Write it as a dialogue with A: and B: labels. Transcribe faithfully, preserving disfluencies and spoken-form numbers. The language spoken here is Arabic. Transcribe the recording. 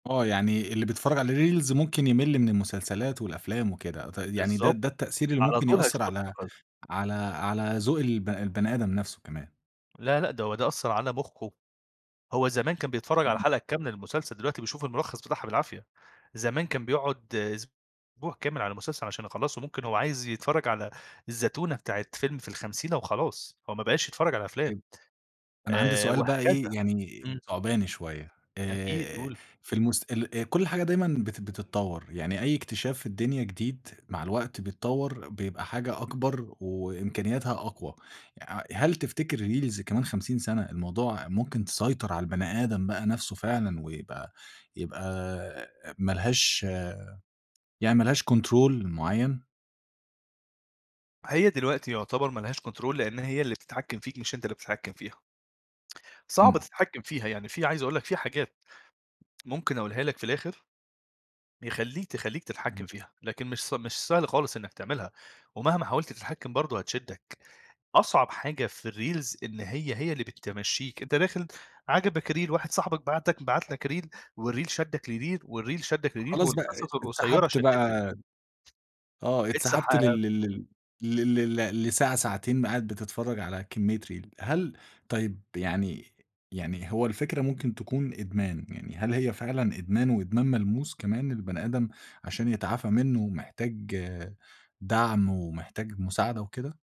A: آه يعني اللي بيتفرّج على reels ممكن يمل من المسلسلات والأفلام وكده، ط يعني ده
B: بالضبط،
A: ده التأثير اللي
B: على
A: ممكن
B: طول
A: يأثّر
B: هيشوف.
A: على
B: [unintelligible]
A: على على ذوق الب البني آدم نفْسه كمان.
B: لا، لأ ده هو ده أثّر على مخّه، هو زمان كان بيتفرّج على
A: امم.
B: حلقة كاملة للمسلسل دلوقتي بيشوف الملخّص بتاعها بالعافية، زمان كان بيقعد أسبوع كامل على مسلسل عشان يخلّصه ممكن هو عايز يتفرّج على الزتونة بتاعة فيلم في الخمسينة وخلاص، هو ما بقاش يتفرّج على أفلام
A: طيب، أنا عندي
B: آآ
A: سؤال بَقى
B: وهكذا.
A: إيه يعني
B: إمم.
A: ثعباني شوية،
B: أكيد
A: آآ
B: قُل.
A: في المس ال كلّ حاجة دايمًا بت بتتطوّر، يعني أي اكتشاف في الدنيا جديد مع الوقت بيتطوّر بيبقى حاجة أكبر، وإمكانياتها أقوى، ع هل تفتكر الreels كمان خمسين سنة، الموضوع ممكن تسيطر على البني آدم بَقى نفْسه فعلًا، ويبقى يبقى ما لهاش يعني ما لهاش control معيّن؟
B: هي دلوقتي يعتبر ما لهاش control، لأنها هي اللي بتتحكّم فيك مش أنت اللي بتتحكّم فيها. صعب
A: إمم.
B: تتحكّم فيها، يعني في عايز أقول لك في حاجات، ممكن أقولها لك في الآخر يخلّيك تخلّيك تتحكّم
A: إمم.
B: فيها، لكن مش س مش سهل خالص إنك تعملها ومهما حاولت تتحكّم برضه هتشدّك، أصعب حاجة في الreels إن هي هي اللي بتمشّيك، أنت داخل عجَبَك reel واحد صاحبك بعت لك بعت لك reel، والreel شدّك لreel والreel شدّك لreel
A: خلاص بَقى،
B: والقصص القصيرة
A: اتسحبت
B: شدّتك.
A: بَقى آه اتسحبت
B: اتسحبت.
A: لل لل لل لساعة، ساعتين قاعد بتتفرّج على كمية reel، هل طيب يعني يعني هو الفكرة ممكن تكون إدمان، يعني هل هي فعلًا إدمان وإدمان ملموس كمان، البني آدم عشان يتعافى منّه محتاج دعم، ومحتاج مساعدة وكده؟